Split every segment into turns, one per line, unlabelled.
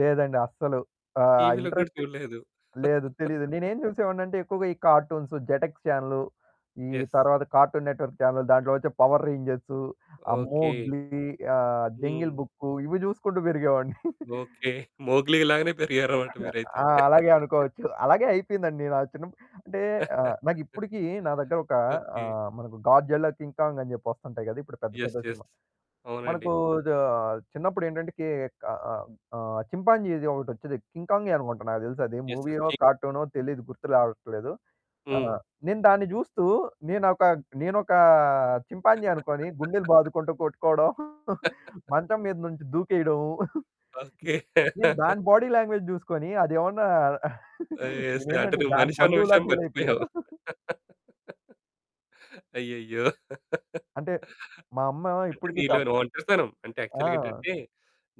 లేదండి అస్సలు ఆ!
టీవీ‌లో కూడా
ఇంట్రెస్ట్
చూడలేదు.
లేదు తెలీదు. నేనేం చూసేవాడినంటే ఎక్కువగా, ఈ కార్టూన్స్, జెటెక్స్ చానెల్, ఈ
యెస్.
తరువాత కార్టూన్ నెట్వర్క్ చానెల్, దాంట్లో వచ్చే పవర్ రేంజర్స్, ఆ!
ఓకే.
మోగ్లి, ఆ! Jungle
hmm.
బుక్ ఇవి జుసుకుంటూ పెరిగేవాడిని.
ఓకే. మోగ్లి లాగానే పెరిగారన్నమాట మీరైతే.
ఆ! అలాగే అనుకోవచ్చు. అలాగే అయిపోయిందండి. నచ్చిన అంటే ఆ! నాకిప్పడికి నా దగ్గర ఒక ఆ!
ఓకే.
మనకు గాడ్జిల్లా కింగ్ కాంగ్ అని చెప్పి వస్తుంటాయి గదా! ఇప్పుడు పెద్ద,
ఎస్.
పెద్ద సినిమా
ఎస్. అవునండి.
మనకు దా చిన్నప్పుడెంటంటే కే ఆ! ఆ! చింపాంజీ‌ది ఒకటి వచ్చేది కింగ్ కాంగే అనుకుంట నాకు తెలుసది.
ఎస్. ఎస్.
మూవీయో,
కి
కార్టూనో తెలీదు గుర్తు రావట్లేదు. ఆ!
హ్మ్.
నేను దాన్ని జుస్తూ నేనోక నేనోక చింపాంజీ అనుకోని గుండెలు బాదుకుంటూ కొట్టుకోవడం, మంచం మీద నుంచి దూకేయడం.
ఓకే.
నేను దాని బాడీ లాంగ్వేజ్ జుసుకొని అదేమన్నా
ఎయిసే అంటే
నేనేందంటే
నువ్వు
దాని
మనిషన్న
బంధువులా
విషయం మర్చిపోయావు.
ఫీలయిపోయాను.
అయ్యయ్యో!
అంటే మా అమ్మ
అంటే
ఇప్పటికి చప్
నీలో‌ని ఒంటరితనం. అంటే యాక్చువల్‌గా
ఆ!
ఏంటంటే,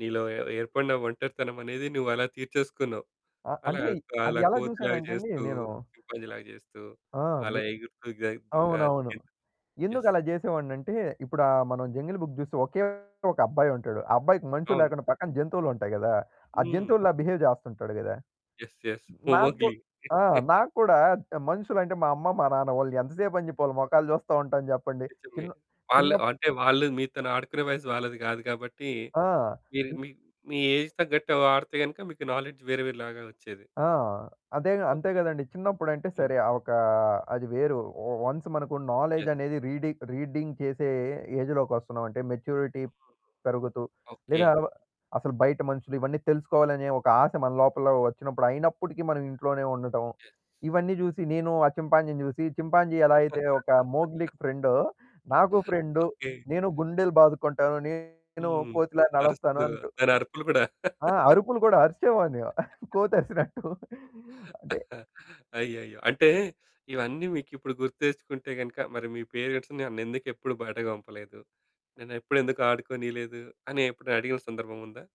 నీలో ఏ ఏర్పడిన ఒంటరితనమనేది నువ్వలా తీర్చేసుకున్నావు.
ఆ!
అలా
అంటే అది
అలా
ఎలా జూసానంటే అండి
కోతి‌లాగా‌జేస్తూ,
నేను
చింపాంజీలాగా‌జేస్తూ,
ఆ! మీ
అలా ఎగురుతూ
అవునవును.
[unintelligible] ఎస్.
ఎందుకలా జేసేవాన్నంటే ఇప్పుడు ఆ! మనం జంగిల్ బుక్ జుస్తే ఒకే ఒకబ్బాయుంటాడు. ఆ! అబ్బాయికి మనుషులు
అవును.
లేకుండా పక్కన జంతువులుంటాయి కదా! ఆ!
హ్మ్.
జంతువుల్లా బిహేవ్ జేస్తుంటాడు గదా!
ఎస్. ఎస్.
నాకు
పోమొగ్లీ.
ఆ! నాకు కూడా మనుషులంటే మా అమ్మ, మా నాన్న, వాళ్ళు ఎంత సేపని చెపి వాలి మొఖాలు చూస్త ఉంటాను జెప్పండి?
నేజమే.
చిను
వాళ్ళు
చినప్
అంటే వాళ్ళు మీతోని ఆడుకునే వయసు వాళ్ళది గాదు గాబట్టి,
ఆ!
మీరు
చిన్
మీ ఏజ్‌కి తగ్గట్టు ఆడితే గనుక మీకు నాలెడ్జ్ వేరేవేరే లాగా వచ్చేది.
ఆ! అదేగా అంతే
ఓకే.
కదండీ. చిన్నప్పుడంటే
హ్మ్.
సరే ఆ! ఒక అది వేరు. వన్స్ మనకు నాలెడ్జ్
ఎస్.
అనేది రీడింగ్ రీడింగ్ చేసే ఏజ్‌లోకొస్తున్నామంటే మెచ్యూరిటీ
[unintelligible]
పెరుగుతూ,
ఓకే.
లేదా అల అసలు బయట మనుషులు ఇవన్నీ తెలుసుకోవాలనే ఒక ఆశ మన లోపల వచ్చినప్పుడు అయినప్పటికీ మనం ఇంట్లోనే ఉండటం.
ఎస్.
ఇవన్నీ జుసి నేను ఆ! చింపాంజీని జుసి, చింపాంజీ ఎలా అయితే ఒక మోగ్లికి ఫ్రెండో నాకు ఫ్రెండ్
ఓకే.
నేను గుండెలు బాదుకుంటాను నేను
హ్మ్.
కోతిలాగా నడుస్తాను
అరుస్తూ.
అంటు
దానరుపులు కూడా.
ఆ! అరుపులు కూడా అరిచేవాడిని కోతరిసినట్టు అంటే
అయ్యయ్యో! అంటే ఇవన్నీ మీకిప్పుడు గుర్తు తెచ్చుకుంటే గనుక మరి మీ పేరెంట్స్ నన్నెందుకు ఎప్పుడు బయటకి పంపలేదు? నేనెప్పుడు ఎందుకు ఆడుకోనిలేదు అని ఎప్పుడడిగిన సందర్భముందా?